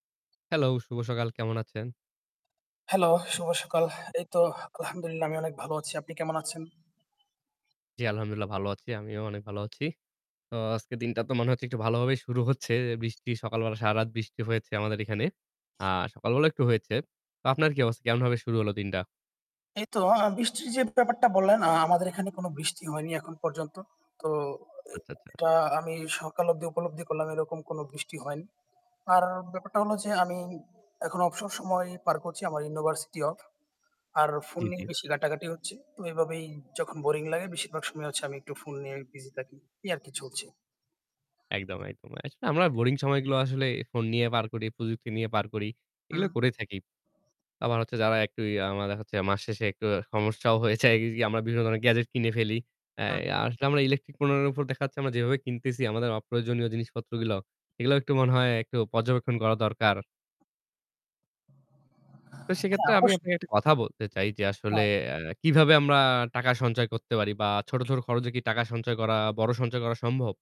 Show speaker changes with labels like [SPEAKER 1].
[SPEAKER 1] Hello! শুভ সকাল কেমন আছেন?
[SPEAKER 2] হ্যালো! শুভ সকাল। এই তো আলহামদুলিল্লাহ আমি অনেক ভালো আছি। আপনি কেমন আছেন?
[SPEAKER 1] জি আলহামদুলিল্লাহ ভালো আছি আমিও অনেক ভালো আছি। তো আজকের দিনটা তো মনে হচ্ছে একটু ভালোভাবেই শুরু হচ্ছে এ বৃষ্টি, সকাল বেলা সারারাত বৃষ্টি হয়েছে আমাদের এখানে। আ সকালবেলাও একটু হয়েছে। তো আপনার কি অবস কেমনভাবে শুরু হলো দিনটা?
[SPEAKER 2] এই তো আ বৃষ্টির যে ব্যাপারটা বললেন আ আমাদের এখানে কোন বৃষ্টি হয়নি এখন পর্যন্ত। তো এ
[SPEAKER 1] আচ্ছা, আচ্ছা।
[SPEAKER 2] এটা আমি সকাল অবধি উপলব্ধি করলাম এরকম কোন বৃষ্টি হয়নি। আর ব্যাপারটা হলো যে আমি, এখন অবসর সময় পার করছি আমার ইউনিভার্সিটি অফ। আর ফোন
[SPEAKER 1] জি, জি।
[SPEAKER 2] নিয়ে বেশি ঘাটাঘাটি হচ্ছে। তো এভাবেই যখন বোরিং লাগে বেশিরভাগ সময় হচ্ছে আমি একটু ফোন নিয়ে বিজি থাকি। এই আর কি চলছে।
[SPEAKER 1] একদম, একদম। আসলে আমরা বোরিং সময়গুলো আসলে ফোন নিয়ে পার করি, প্রযুক্তি নিয়ে পার করি। এগুলো
[SPEAKER 2] হুম।
[SPEAKER 1] করে থাকি। আবার হচ্ছে যারা একটু ইয়ে আমরা দেখা যাচ্ছে মাস শেষে একটু সমস্যাও হয়েছে একদিক দিয়ে আমরা বিভিন্ন ধরনের গ্যাজেট কিনে ফেলি।
[SPEAKER 2] হুম।
[SPEAKER 1] অ্যা আসলে আমরা ইলেকট্রিক পণ্যের উপর দেখাচ্ছে আমরা যেভাবে কিনতেছি আমাদের অপ্রয়োজনীয় জিনিসপত্রগুলো, এগুলোও একটু মনে হয় একটু পর্যবেক্ষণ করা দরকার। তো
[SPEAKER 2] হ্যাঁ
[SPEAKER 1] সেক্ষেত্রে আমি
[SPEAKER 2] অবশ্যই।
[SPEAKER 1] আপনাকে একটা কথা বলতে চাই যে আসলে
[SPEAKER 2] হ্যাঁ।
[SPEAKER 1] অ্যা কিভাবে আমরা টাকা সঞ্চয় করতে পারি? বা ছোট, ছোট খরচে কি টাকা সঞ্চয় করা বড় সঞ্চয় করা সম্ভব?